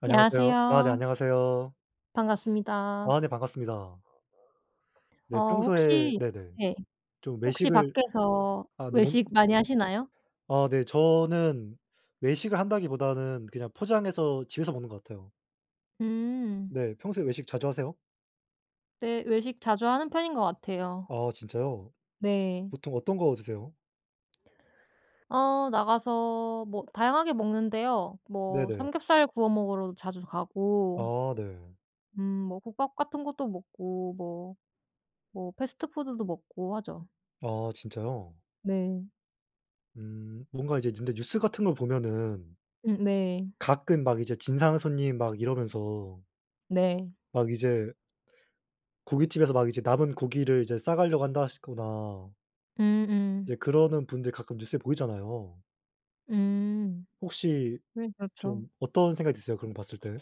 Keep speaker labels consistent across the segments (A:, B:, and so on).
A: 안녕하세요? 아 네.
B: 안녕하세요?
A: 안녕하세요?
B: 반갑습니다.
A: 아 네. 반갑습니다. 네.
B: 어
A: 평소에
B: 혹시
A: 네네.
B: 네.
A: 좀
B: 혹시
A: 외식을
B: 밖에서
A: 아 네.
B: 외식
A: [unintelligible]
B: 많이 하시나요?
A: 아 네. 저는 외식을 한다기보다는 그냥 포장해서 집에서 먹는 것 같아요.
B: 음.
A: 네. 평소에 외식 자주 하세요?
B: 네. 외식 자주 하는 편인 것 같아요.
A: 아 진짜요?
B: 네.
A: 보통 어떤 거 드세요?
B: 어. 나가서 뭐 다양하게 먹는데요. 뭐
A: 네네.
B: 삼겹살 구워 먹으러도 자주 가고
A: 아. 네.
B: 음 뭐 국밥 같은 것도 먹고 뭐, 뭐 패스트푸드도 먹고 하죠.
A: 아 진짜요?
B: 네.
A: 음. 뭔가 이제 근데 뉴스 같은 걸 보면은
B: 음 네.
A: 가끔 막 이제 진상 손님 막 이러면서
B: 네.
A: 막 이제 고깃집에서 막 이제 남은 고기를 이제 싸 가려고 한다 하시거나
B: 음 음.
A: 이제 그러는 분들 가끔 뉴스에 보이잖아요.
B: 음.
A: 혹시
B: 네. 그렇죠.
A: 좀 어떤 생각이 드세요 그런 거 봤을 때?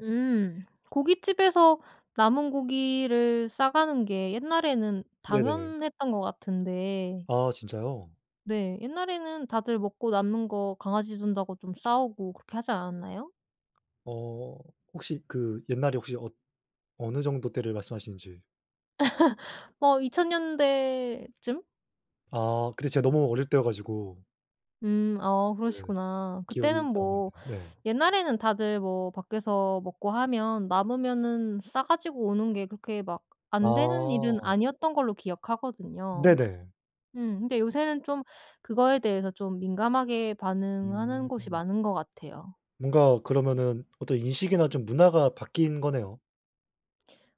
B: 음. 고깃집에서 남은 고기를 싸 가는 게 옛날에는
A: 네네.
B: 당연했던 거 같은데.
A: 아 진짜요?
B: 네. 옛날에는 다들 먹고 남는 거 강아지 준다고 좀 싸 오고 그렇게 하지 않았나요?
A: 어. 혹시 그 옛날에 혹시 엇 어느 정도 때를 말씀하시는지?
B: 어 2000 년대쯤?
A: 아. 그때 제가 너무 어릴 때여 가지고.
B: 음. 어
A: 네.
B: 그러시구나.
A: 기억이
B: 그때는
A: 잘 안
B: 뭐
A: 나네요. 네.
B: 옛날에는 다들 뭐 밖에서 먹고 하면 남으면은 싸 가지고 오는 게 그렇게 막 안 되는 일은
A: 아.
B: 아니었던 걸로 기억하거든요.
A: 네네.
B: 음. 근데 요새는 좀 그거에 대해서 좀 민감하게 반응하는 곳이
A: 음.
B: 많은 것 같아요.
A: 뭔가 그러면은 어떤 인식이나 좀 문화가 바뀐 거네요.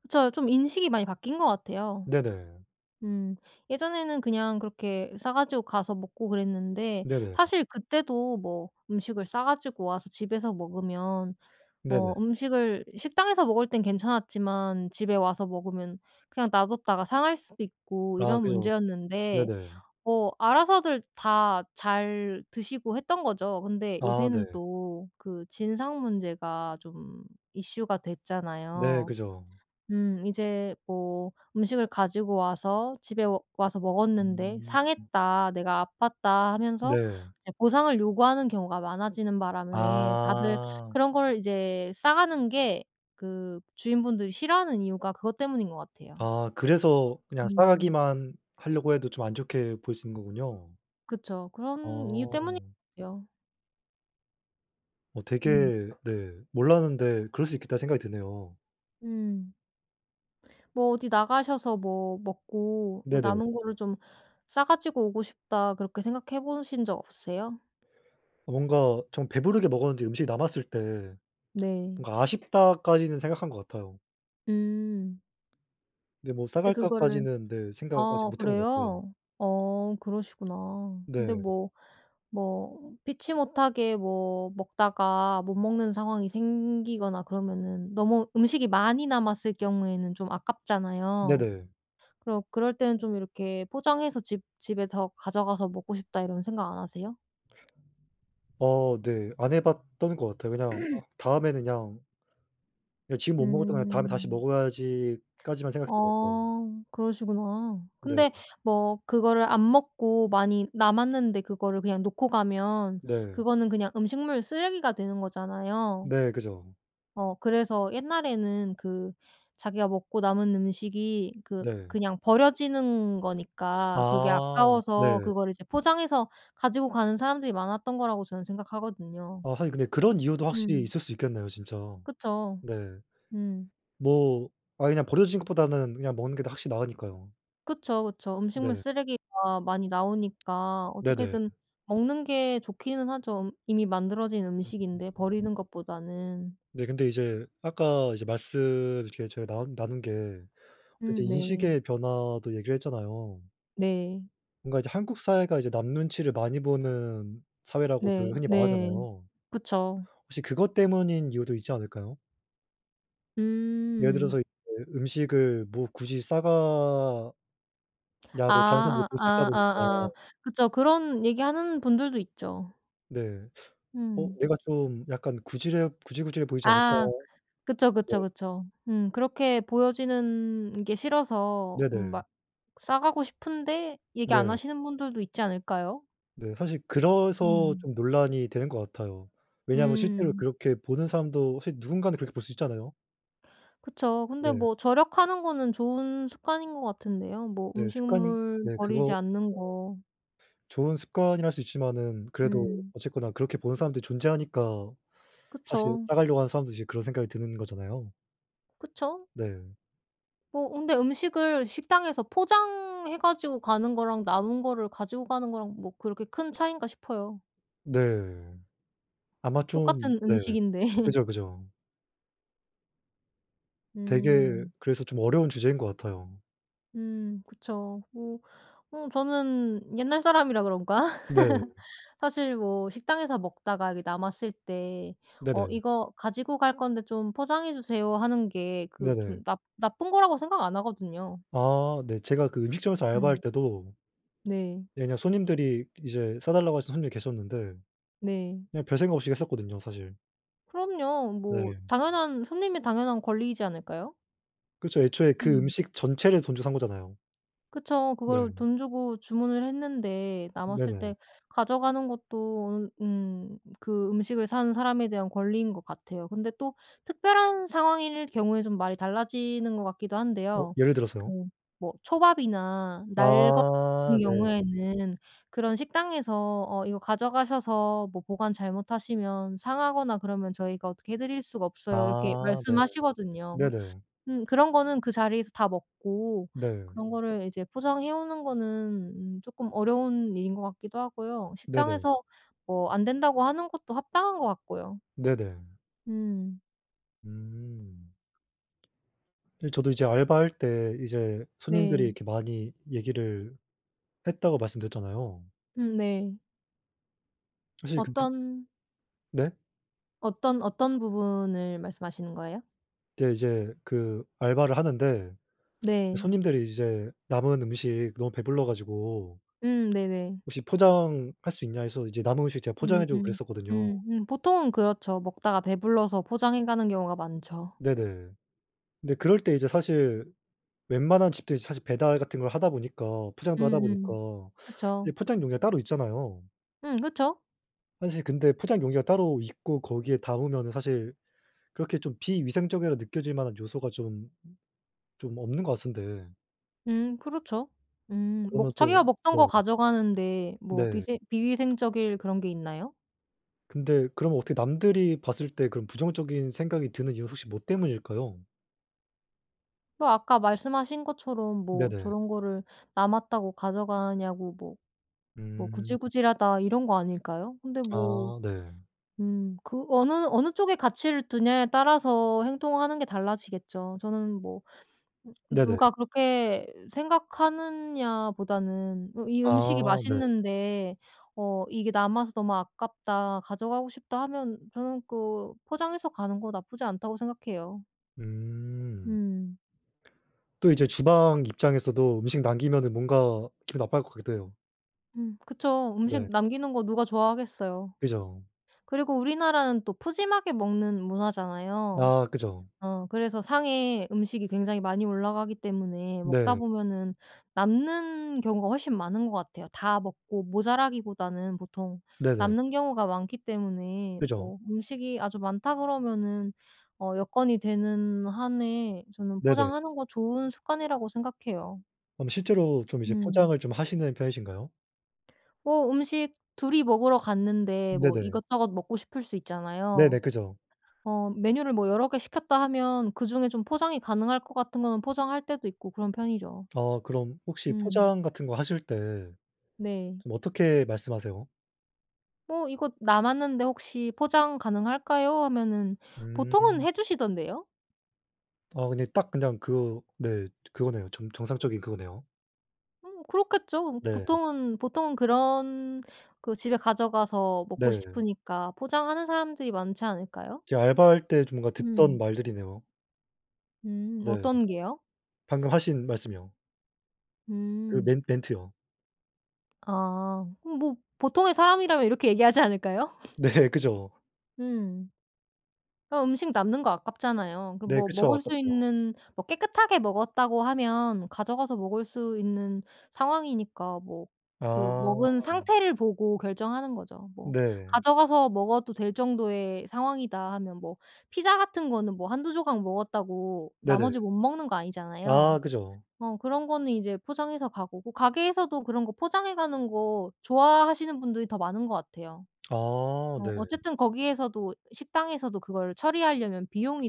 B: 그쵸. 좀 인식이 많이 바뀐 것 같아요.
A: 네네.
B: 음. 예전에는 그냥 그렇게 싸 가지고 가서 먹고 그랬는데
A: 네네.
B: 사실 그때도 뭐 음식을 싸 가지고 와서 집에서 먹으면
A: 네네.
B: 어 음식을 식당에서 먹을 땐 괜찮았지만 집에 와서 먹으면 그냥 놔뒀다가 상할 수도 있고
A: 아
B: 이런
A: 그죠.
B: 문제였는데
A: 네네.
B: 어 알아서들 다 잘 드시고 했던 거죠. 근데
A: 아
B: 요새는
A: 네.
B: 또 그 진상 문제가 좀 이슈가
A: 네.
B: 됐잖아요.
A: 그죠.
B: 음. 이제 뭐 "음식을 가지고 와서 집에 오 와서 먹었는데
A: 음. 음.
B: 상했다. 내가 아팠다." 하면서
A: 네.
B: 이제 보상을 요구하는 경우가 많아지는 바람에 다들
A: 아.
B: 그런 걸 이제 싸 가는 게 그 주인분들이 싫어하는 이유가 그것 때문인 것 같아요.
A: 아. 그래서 그냥 싸
B: 음.
A: 가기만 하려고 해도 좀 안 좋게 볼 수 있는 거군요.
B: 그쵸. 그런 이유 때문인
A: 어.
B: 요.
A: 어
B: 음.
A: 되게 네. 몰랐는데 그럴 수 있겠다는 생각이 드네요.
B: 음. 뭐 어디 나가셔서 뭐 먹고 뭐
A: 네네.
B: '남은 거를 좀 싸 가지고 오고 싶다.' 그렇게 생각해 보신 적 없으세요?
A: 뭔가 좀 배부르게 먹었는데 음식이 남았을 때
B: 네.
A: 뭔가 '아쉽다.'까지는 생각한 것 같아요.
B: 음.
A: 근데 뭐
B: 근데 그거를
A: '싸갈까?'까지는 네. 생각 아직
B: 아
A: 못 해 본 것 같아요.
B: 그래요? 어 그러시구나. 근데
A: 네.
B: 뭐, 뭐 피치 못하게 뭐 먹다가 못 먹는 상황이 생기거나 그러면은 너무 음식이 많이 남았을 경우에는 좀 아깝잖아요.
A: 네네.
B: 그럼 그럴 때는 좀 이렇게 '포장해서 집 집에 더 가져가서 먹고 싶다.' 이런 생각 안 하세요?
A: 어 네. 안 해 봤던 것 같아요. 그냥 아 다음에는 그냥 예. '지금 못 먹었던 거 그냥 다음에 다시
B: 음.
A: 먹어야지.'까지만 생각했던 것 같아요.
B: 아 그러시구나.
A: 네.
B: 근데 뭐 그거를 안 먹고 많이 남았는데 그거를 그냥 놓고 가면
A: 네.
B: 그거는 그냥 음식물 쓰레기가 되는 거잖아요.
A: 네. 그죠.
B: 어 그래서 옛날에는 그 자기가 먹고 남은 음식이 그
A: 네.
B: 그냥 버려지는 거니까 그게
A: 아
B: 아까워서
A: 네.
B: 그거를 이제 포장해서 가지고 가는 사람들이 많았던 거라고 저는 생각하거든요.
A: 아 하긴 근데 그런 이유도 확실히
B: 음.
A: 있을 수 있겠네요 진짜.
B: 그쵸.
A: 네.
B: 음.
A: 뭐 아예 그냥 버려지는 것보다는 그냥 먹는 게 더 확실히 나으니까요.
B: 그쵸, 그쵸. 음식물
A: 네.
B: 쓰레기가 많이 나오니까
A: 네네.
B: 어떻게든 먹는 게 좋기는 하죠. 음 이미 만들어진
A: 음음음.
B: 음식인데 버리는 것보다는.
A: 네. 근데 이제 아까 이제 말씀 이렇게 저희 나온 나눈 게 어떤
B: 음
A: 이제
B: 네.
A: 인식의 변화도 얘기를 했잖아요.
B: 네.
A: 뭔가 이제 한국 사회가 이제 남 눈치를 많이 보는
B: 네.
A: 사회라고들 흔히
B: 네.
A: 말하잖아요.
B: 그쵸.
A: 혹시 그것 때문인 이유도 있지 않을까요? 예를 들어서
B: 음.
A: 으 음식을 뭐 굳이 싸가 냐고 다른 사람들이
B: 아.
A: 볼 수 있다
B: 아 아
A: 보니까
B: 아 그쵸. 그런 얘기하는 분들도 있죠.
A: 네. '어
B: 음.
A: 내가 좀 약간 구질해 구질구질해 보이지 않을까?'
B: 아. 그쵸,
A: 네.
B: 그쵸, 그쵸. 음. 그렇게 보여지는 게 싫어서 음
A: 네네.
B: 막 싸가고 싶은데 얘기 안
A: 네.
B: 하시는 분들도 있지 않을까요?
A: 네. 사실 그래서
B: 음.
A: 좀 논란이 되는 것 같아요. 왜냐하면 실제로
B: 음.
A: 그렇게 보는 사람도 사실 누군가는 그렇게 볼 수 있잖아요.
B: 그쵸. 근데
A: 네.
B: 뭐 절약하는 거는 좋은 습관인 것 같은데요. 뭐
A: 네. 습관
B: 음식물
A: 네
B: 버리지
A: 그거
B: 않는 거.
A: 네. 좋은 습관이라 할 수 있지만은 그래도
B: 음.
A: 어쨌거나 그렇게 보는 사람들이 존재하니까.사실
B: 그쵸.
A: 싸가려고 하는 사람들도 이제 그런 생각이 드는 거잖아요.
B: 그쵸.
A: 네.
B: 뭐 근데 음식을 식당에서 포장해 가지고 가는 거랑 남은 거를 가지고 가는 거랑 뭐 그렇게 큰 차이인가 싶어요.
A: 네. 아마 좀
B: 똑같은
A: 네.
B: 음식인데.
A: 그죠, 그죠. 되게
B: 음.
A: 그래서 좀 어려운 주제인 것 같아요.
B: 음 그쵸. 뭐 어 저는 옛날 사람이라 그런가?
A: 네.
B: 사실 뭐 식당에서 먹다가 이게 남았을 때 "어
A: 네네.
B: 이거 가지고 갈 건데 좀 포장해 주세요." 하는 게 그
A: 네네.
B: 좀 나 나쁜 거라고 생각 안 하거든요.
A: 아 네. 제가 그 음식점에서 알바할
B: 음.
A: 때도
B: 네.
A: 예 그냥 손님들이 이제 싸 달라고 하시는 손님이 계셨는데
B: 네.
A: 그냥 별 생각 없이 했었거든요 사실.
B: 그럼요. 뭐
A: 네.
B: 당연한, 손님의 당연한 권리이지 않을까요?
A: 그렇쵸. 애초에 그
B: 음.
A: 음식 전체를 돈 주고 산 거잖아요.
B: 그쵸. 그거를
A: 네.
B: 돈 주고 주문을 했는데 남았을
A: 네네.
B: 때 가져가는 것도 으 음 그 음식을 산 사람에 대한 권리인 것 같아요. 근데 또 특별한 상황일 경우에 좀 말이 달라지는 것 같기도
A: 어.
B: 한데요.
A: 예를 들어서요?
B: 그 뭐 초밥이나 날 것 같은
A: 아 네.
B: 경우에는 그런 식당에서 "어 이거 가져가셔서 뭐 보관 잘못하시면 상하거나 그러면 저희가 어떻게 해 드릴 수가 없어요." 이렇게
A: 아 네.
B: 말씀하시거든요. 그런
A: 네네.
B: 음 그런 거는 그 자리에서 다 먹고
A: 네.
B: 그런 거를 이제 포장해 오는 거는 음 쪼끔 어려운 일인 것 같기도 하고요.
A: 네네.
B: 식당에서 뭐 안 된다고 하는 것도 합당한 것 같고요.
A: 네네.
B: 음.
A: 음. 이제 저도 이제 알바할 때 이제 손님들이
B: 네.
A: 이렇게 많이 얘기를 했다고 말씀드렸잖아요.
B: 음 네.
A: 사실 근드
B: 어떤
A: 네?
B: 어떤, 어떤 부분을 말씀하시는 거예요?
A: 근데 이제 그 알바를 하는데
B: 네.
A: 손님들이 이제 남은 음식 너무 배불러 가지고
B: 음 네네.
A: "혹시 포장할 수 있냐?" 해서 이제 남은 음식 제가 포장해 주고
B: 음음.
A: 그랬었거든요.
B: 음음. 보통은 그렇죠. 먹다가 배불러서 포장해 가는 경우가 많죠.
A: 네네. 근데 그럴 때 이제 사실 웬만한 집들이 사실 배달 같은 걸 하다 보니까 포장도 하다 보니까
B: 음음.
A: 이제
B: 그쵸.
A: 포장 용기가 따로 있잖아요.
B: 음 그쵸.
A: 사실 근데 포장 용기가 따로 있고 거기에 담으면은 사실 그렇게 좀 비위생적이라 느껴질 만한 요소가 좀 좀 없는 것 같은데
B: 음 그렇죠. 음
A: 그러면
B: 먹
A: 또
B: 자기가 먹던
A: 네.
B: 거 가져가는데 뭐
A: 네.
B: 비생 비위생적일 그런 게 있나요?
A: 근데 그럼 어떻게 남들이 봤을 때 그런 부정적인 생각이 드는 이유 혹시 뭐 때문일까요?
B: 뭐 아까 말씀하신 것처럼 뭐
A: 네네.
B: 저런 거를 남았다고 가져가냐고 뭐, 뭐
A: 음.
B: '구질구질하다.' 이런 거 아닐까요? 근데 뭐.
A: 아. 네.
B: 음. 그 어느, 어느 쪽에 가치를 두냐에 따라서 행동하는 게 달라지겠죠. 저는 뭐 음
A: 네네.
B: 누가 그렇게 생각하느냐보다는 으 이 음식이
A: 아. 네.
B: 맛있는데 어 '이게 남아서 너무 아깝다. 가져가고 싶다.' 하면 저는 그 포장해서 가는 거 나쁘지 않다고 생각해요.
A: 음.
B: 음.
A: 또 이제 주방 입장에서도 음식 남기면은 뭔가 기분 나빠할 것 같기도 해요.
B: 음 그쵸. 음식
A: 네.
B: 남기는 거 누가 좋아하겠어요?
A: 그죠.
B: 그리고 우리나라는 또 푸짐하게 먹는 문화잖아요.
A: 아. 그죠.
B: 어 그래서 상에 음식이 굉장히 많이 올라가기 때문에 먹다
A: 네.
B: 보면은 남는 경우가 훨씬 많은 것 같아요. 다 먹고 모자라기보다는 보통
A: 네네.
B: 남는 경우가 많기 때문에
A: 그죠.
B: 뭐 음식이 아주 많다 그러면은 어 여건이 되는 한에 저는
A: 네네.
B: 포장하는 거 좋은 습관이라고 생각해요.
A: 그럼 실제로 좀 이제
B: 음.
A: 포장을 좀 하시는 편이신가요?
B: 뭐 음식 둘이 먹으러 갔는데 뭐
A: 네네.
B: 이것저것 먹고 싶을 수
A: 네네.
B: 있잖아요.
A: 그죠.
B: 어 메뉴를 뭐 여러 개 시켰다 하면 그중에 좀 포장이 가능할 것 같은 거는 포장할 때도 있고 그런 편이죠.
A: 아 그럼 혹시
B: 음.
A: 포장 같은 거 하실 때
B: 네.
A: 좀 어떻게 말씀하세요?
B: 뭐 "이것 남았는데 혹시 포장 가능할까요?" 하면은 보통은
A: 음.
B: 해 주시던데요?
A: 아 근데 딱 그냥 그거 네 그거네요. 정 정상적인 그거네요.
B: 음 그렇겠죠.
A: 네.
B: 보통은, 보통은 그런 그 집에 가져가서 먹고
A: 네.
B: 싶으니까 포장하는 사람들이 많지 않을까요?
A: 제가 알바할 때 좀 뭔가 듣던
B: 음.
A: 말들이네요.
B: 음
A: 네.
B: 어떤 게요?
A: 방금 하신 말씀이요. 그
B: 음.
A: 멘 멘트요.
B: 아. 그럼 뭐 보통의 사람이라면 이렇게 얘기하지 않을까요?
A: 네. 그죠.
B: 음. 아 음식 남는 거 아깝잖아요. 그
A: 네.
B: 뭐
A: 그쵸.
B: 먹을 수
A: 아깝죠.
B: 있는 뭐 깨끗하게 먹었다고 하면 가져가서 먹을 수 있는 상황이니까 뭐 그
A: 아.
B: 먹은 상태를 보고 결정하는 거죠. 뭐
A: 네.
B: '가져가서 먹어도 될 정도의 상황이다.' 하면 뭐 피자 같은 거는 뭐 1-2 조각 먹었다고 나머지
A: 네네.
B: 못 먹는 거 아니잖아요.
A: 아 그죠.
B: 어 그런 거는 이제 포장해서 가 보고. 가게에서도 그런 거 포장해 가는 거 좋아하시는 분들이 더 많은 것 같아요.
A: 아
B: 어
A: 네.
B: 어쨌든 거기에서도, 식당에서도 그걸 처리하려면 비용이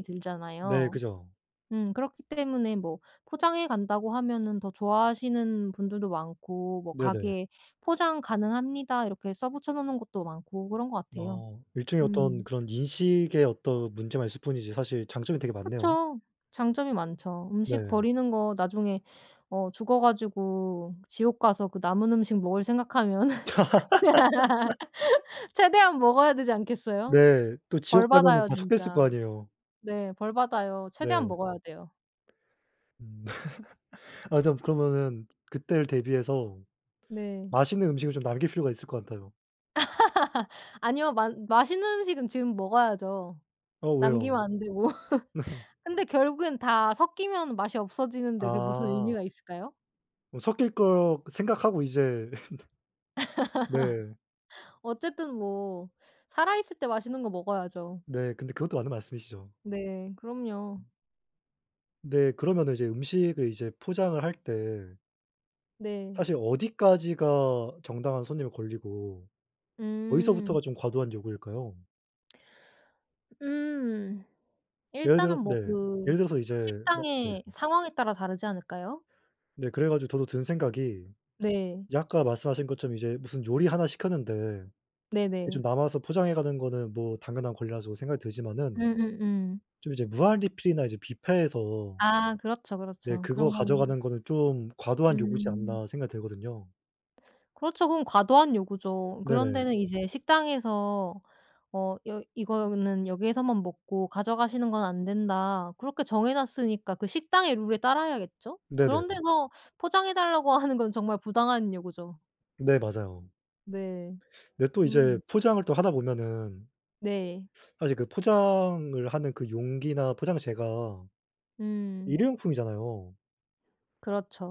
A: 네.
B: 들잖아요.
A: 그죠.
B: 음 그렇기 때문에 뭐 포장해 간다고 하면은 더 좋아하시는 분들도 많고 뭐
A: 네네.
B: 가게 "포장 가능합니다." 이렇게 써 붙여 놓는 곳도 많고 그런 것 같아요.
A: 어. 일종의 어떤
B: 음.
A: 그런 인식의 어떤 문제만 있을 뿐이지 사실 장점이 되게 많네요.
B: 그쵸. 장점이 많죠. 음식
A: 네.
B: 버리는 거 나중에 어 죽어 가지고 지옥 가서 그 남은 음식 먹을 생각하면 최대한 먹어야 되지 않겠어요?
A: 네. 또
B: 벌
A: 지옥 가면은
B: 받아요
A: 다 섞여 있을 거
B: 진짜.
A: 아니에요.
B: 네. 벌 받아요. 최대한
A: 네.
B: 먹어야 돼요.
A: 음. 아 일단 그러면은 그때를 대비해서
B: 네.
A: 맛있는 음식을 좀 남길 필요가 있을 것 같아요.
B: 아니요. 맛 맛있는 음식은 지금 먹어야죠.
A: 어 왜요?
B: 남기면 안 되고.
A: 네.
B: 근데 결국엔 다 섞이면 맛이 없어지는데 그게 무슨 의미가
A: 아.
B: 있을까요?
A: 뭐 섞일 것 생각하고 이제. 네.
B: 어쨌든 뭐 살아 있을 때 맛있는 거 먹어야죠.
A: 네. 근데 그것도 맞는 말씀이시죠.
B: 네. 그럼요.
A: 음. 네. 그러면은 이제 음식을 이제 포장을 할 때
B: 네.
A: 사실 어디까지가 정당한 손님의 권리고
B: 음.
A: 어디서부터가 좀 과도한 요구일까요?
B: 음.
A: 예를
B: 일단은
A: 들어서
B: 뭐
A: 네.
B: 그
A: 예를 들어서 이제 막 네.
B: 식당의 상황에 따라 다르지 않을까요?
A: 네. 그래 가지고 저도 든 생각이
B: 네.
A: 이제 아까 말씀하신 것처럼 이제 무슨 요리 하나 시켰는데 이게
B: 네네.
A: 좀 남아서 포장해 가는 거는 뭐 당연한 권리라 저도 생각이 들지만은
B: 음음음.
A: 좀 이제 무한리필이나 이제 뷔페에서
B: 아 그렇죠,
A: 네
B: 그렇죠
A: '그거
B: 그런 거는.
A: 가져가는 거는 좀 과도한 요구지
B: 음.
A: 않나?' 생각이 들거든요.
B: 그렇쵸. 그건 과도한 요구죠. 그런
A: 네네.
B: 데는 이제 식당에서 어 여 "이거는 여기에서만 먹고 가져가시는 건 안 된다." 그렇게 정해 놨으니까 그 식당의 룰에 따라야겠죠?
A: 네네.
B: 그런 데서 포장해 달라고 하는 건 정말 부당한 요구죠.
A: 네. 맞아요.
B: 네.
A: 근데 또 이제
B: 음.
A: 포장을 또 하다 보면은
B: 네.
A: 사실 그 포장을 하는 그 용기나 포장재가
B: 음.
A: 1 회용품이잖아요.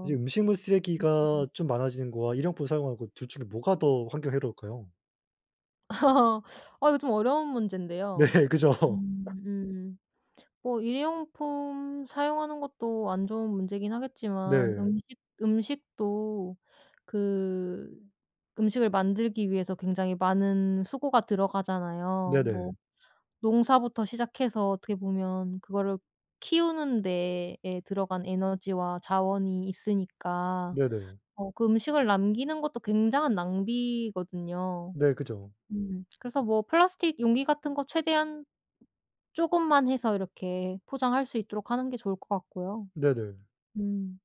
A: 이제 음식물 쓰레기가
B: 음음음.
A: 좀 많아지는 거와 1 회용품 사용하는 거 둘 중에 뭐가 더 환경에 해로울까요?
B: 아 이거 좀 어려운
A: 네
B: 문제인데요.
A: 그죠.
B: 음. 뭐 1 회용품 사용하는 것도 안 좋은 문제이긴 하겠지만
A: 네.
B: 음식, 음식도 그 음식을 만들기 위해서 굉장히 많은 수고가 들어가잖아요. 뭐
A: 네네.
B: 농사부터 시작해서 어떻게 보면 그거를 키우는 데에 들어간 에너지와 자원이 있으니까
A: 네네.
B: 어 그 음식을 남기는 것도 굉장한 낭비거든요.
A: 네. 그죠.
B: 음 그래서 뭐 플라스틱 용기 같은 거 최대한 쪼금만 해서 이렇게 포장할 수 있도록 하는 게 좋을 것 같고요.
A: 네네.
B: 음.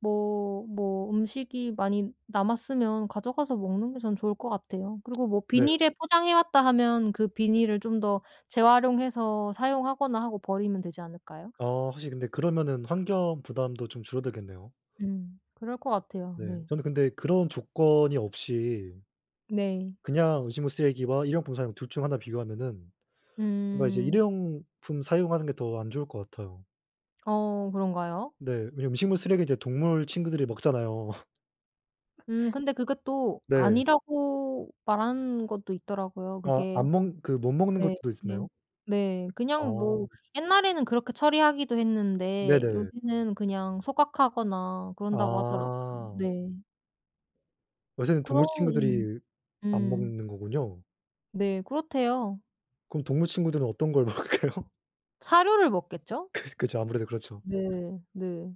B: 뭐. 뭐 음식이 많이 남았으면 가져가서 먹는 게 전 좋을 것 같아요. 그리고 뭐
A: 네.
B: 비닐에 포장해 왔다 하면 그 비닐을 좀 더 재활용해서 사용하거나 하고 버리면 되지 않을까요?
A: 아 확실히 근데 그러면은 환경 부담도 좀 줄어들겠네요.
B: 음. 그럴 것 같아요.
A: 네.
B: 네.
A: 저는 근데 그런 조건이 없이
B: 네.
A: 그냥 음식물 쓰레기와 1 회용품 사용 둘 중 하나 비교하면은 그러니까 이제 1
B: 음.
A: 회용품 사용하는 게 더 안 좋을 것 같아요.
B: 어 그런가요?
A: 네. 왜냐면 음식물 쓰레기 이제 동물 친구들이 먹잖아요.
B: 음. 근데 그게 또
A: 네.
B: 아니라고 말하는 것도 있더라고요
A: 아
B: 그게.
A: 안 먹 그 못 먹는
B: 네.
A: 것들도
B: 네.
A: 있었나요?
B: 네. 그냥
A: 아.
B: 뭐 옛날에는 그렇게 처리하기도 했는데
A: 네네.
B: 요새는 그냥 소각하거나 그런다고 하더라고요.
A: 아.
B: 네.
A: 요새는 동물
B: 그러 음.
A: 친구들이 안
B: 음.
A: 먹는 거군요.
B: 네. 그렇대요.
A: 그럼 동물 친구들은 어떤 걸 먹을까요?
B: 사료를 먹겠죠?
A: 그 그죠. 아무래도 그렇죠.
B: 네. 네.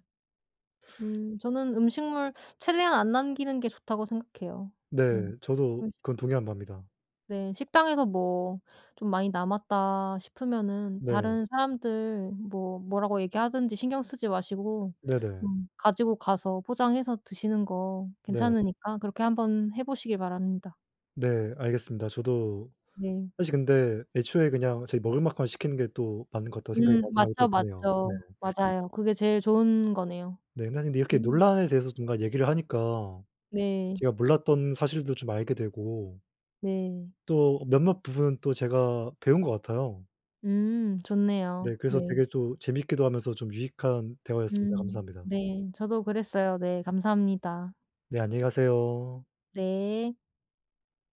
B: 음. 저는 음식물 최대한 안 남기는 게 좋다고 생각해요. 음.
A: 네. 저도
B: 음식
A: 그건 동의하는 바입니다.
B: 네. 식당에서 뭐 '좀 많이 남았다.' 싶으면은
A: 네.
B: 다른 사람들 뭐 뭐라고 얘기하든지 신경 쓰지 마시고
A: 네네.
B: 음 가지고 가서 포장해서 드시는 거
A: 네.
B: 괜찮으니까 그렇게 한번 해 보시길 바랍니다.
A: 네. 알겠습니다. 저도
B: 네.
A: 사실 근데 애초에 그냥 제가 먹을 만큼만 시키는 게 또 맞는 것 같다고 생각이
B: 음.
A: 마지막에 또
B: 맞죠,
A: 드네요. 네.
B: 맞죠. 맞아요. 그게 제일 좋은 거네요.
A: 네. 난인데 이렇게
B: 음.
A: 논란에 대해서 뭔가 얘기를 하니까
B: 네.
A: 제가 몰랐던 사실도 좀 알게 되고
B: 네.
A: 또 몇몇 부분은 또 제가 배운 것 같아요.
B: 음.
A: 네.
B: 좋네요.
A: 그래서
B: 네.
A: 되게 또 재밌기도 하면서 좀 유익한 대화였습니다.
B: 음.
A: 감사합니다.
B: 네. 저도 그랬어요. 네. 감사합니다.
A: 네. 안녕히 가세요.
B: 네.